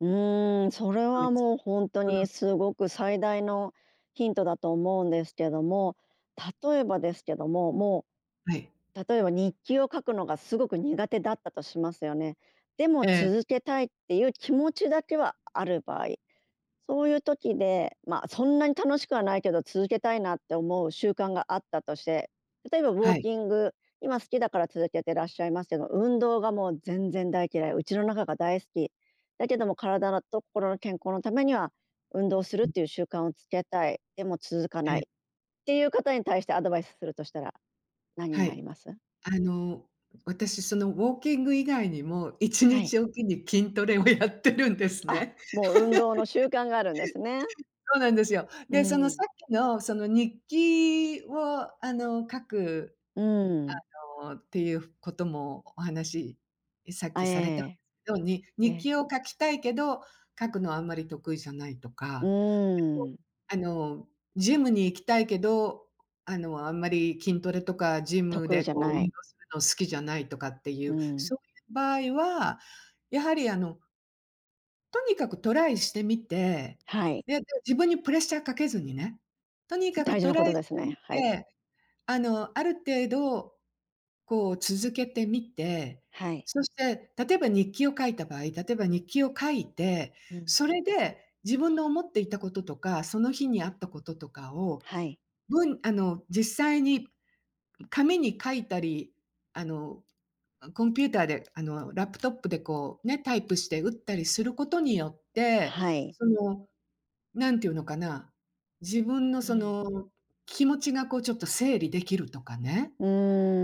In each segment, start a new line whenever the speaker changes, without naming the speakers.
うーん、それ
グッ
は
ズ、
もう本当
う
に
ん。
すごく最大のヒントだと思うんですけども。例えばですけども、も
はい。
う、例えば日記を書くのがすごく苦手だったとしますよね。でも
ええ。
続けたいっていう気持ちだけはある場合、そういう時で、ま、そんなに楽しくはないけど続けたいなって思う習慣があったとして、例えばウォ
は
ー
い。
キング、今好きだから続けてらっしゃいますけど、運動がもう全然大嫌い、家の中が大好き。だけども体と心の健康のためには、運動するっ
うん。
ていう習慣をつけたい、でも続か
え
な
え。
いっていう方に対してアドバイスするとしたら何に
は
なり
い。
ます？
あの私そのウォーキング以外にも、いち
は
に
い。
ちおきに筋トレをやってるんです
あ、
ね。
もう運動の習慣があるんですね。
そうなんですよ。
う
で、そのさ
ん。
っきのその日記をあの書く、
うん。
あのっていうこともお話さっ
あ、
き
え
された
え。
ように、
え
日
え。
記を書きたいけど、書くのはあんまり得意じゃないと
う
か、結構、
ーん。
あのジムに行きたいけど、あのあんまり筋トレとかジム
得意
で
じゃ
こう
な
運
い。
動するの好きじゃないとかってい
う
う、
ん。
そういう場合は、やはりあのとにかくトライしてみて、
はい。
で、自分にプレッシャーかけずにね、とにかく
大事
ト
なこ
ライ
と
して
です
み
ね。はい。
て、あの、ある程度こう続けてみて、
はい。
そして、例えば日記を書いた場合、例えば日記を書いて、
うん。
それで、自分の思っていたこととか、その日にあったこととかを、
はい。
ぶんあの実際に紙に書いたり、あのコンピューターで、あのラップトップでこうね、タイプして打ったりすることによって、
はい。
その何ていうのかな、自分の
う
そ
ん。
の気持ちがこうちょっと整理できるとかね、
う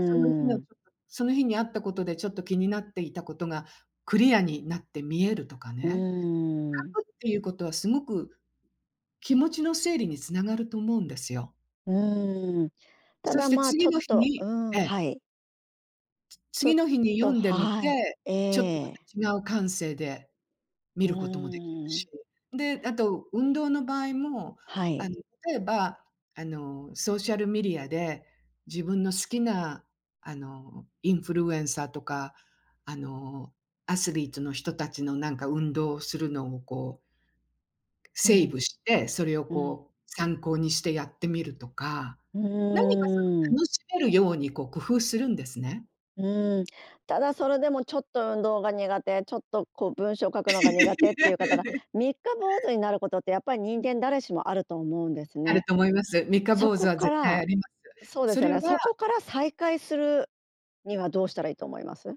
その日の
ん。
その日にあったことでちょっと気になっていたことがクリアになって見えるとか
う
ね。
ーん。
書くっていうことはすごく気持ちの整理につながると思うんですよ。
うーん。た
そ
だ
して
ま、ち
次
ょっ
の日
と
に
うん、
ええ。
はい。
つ
ちょ
次
っ
の日に
と
読んでみ
はい、
て、ちょっと
ええ。
また違う感性で見
う
ることもできる
ー
し。
ん。
で、あと、運動の場合も、
は
あの
い。
例えば、あの、ソーシャルメディアで自分の好きなあのインフルエンサーとかあの、アスリートの人たちのなんか運動をするのをこう
う
セーブ
ん。
して、それを
うん。
こう参考にしてやってみるとか、
う
何かそ
ー
の
ん。
楽しめるようにこう工夫するんですね。
うん、ただそれでもちょっと運動が苦手、ちょっとこう文章書くのが苦手っていう方が、三日坊主になることってやっぱり
う
人
ん。
間誰しもあると思うんです
ある
ね。
と思います。三日
そ
坊主
こ
は
か
絶対
ら
あります。
そうで
そ
すよ
れ
ね、
は
そこから再開するにはどうしたらいいと思います？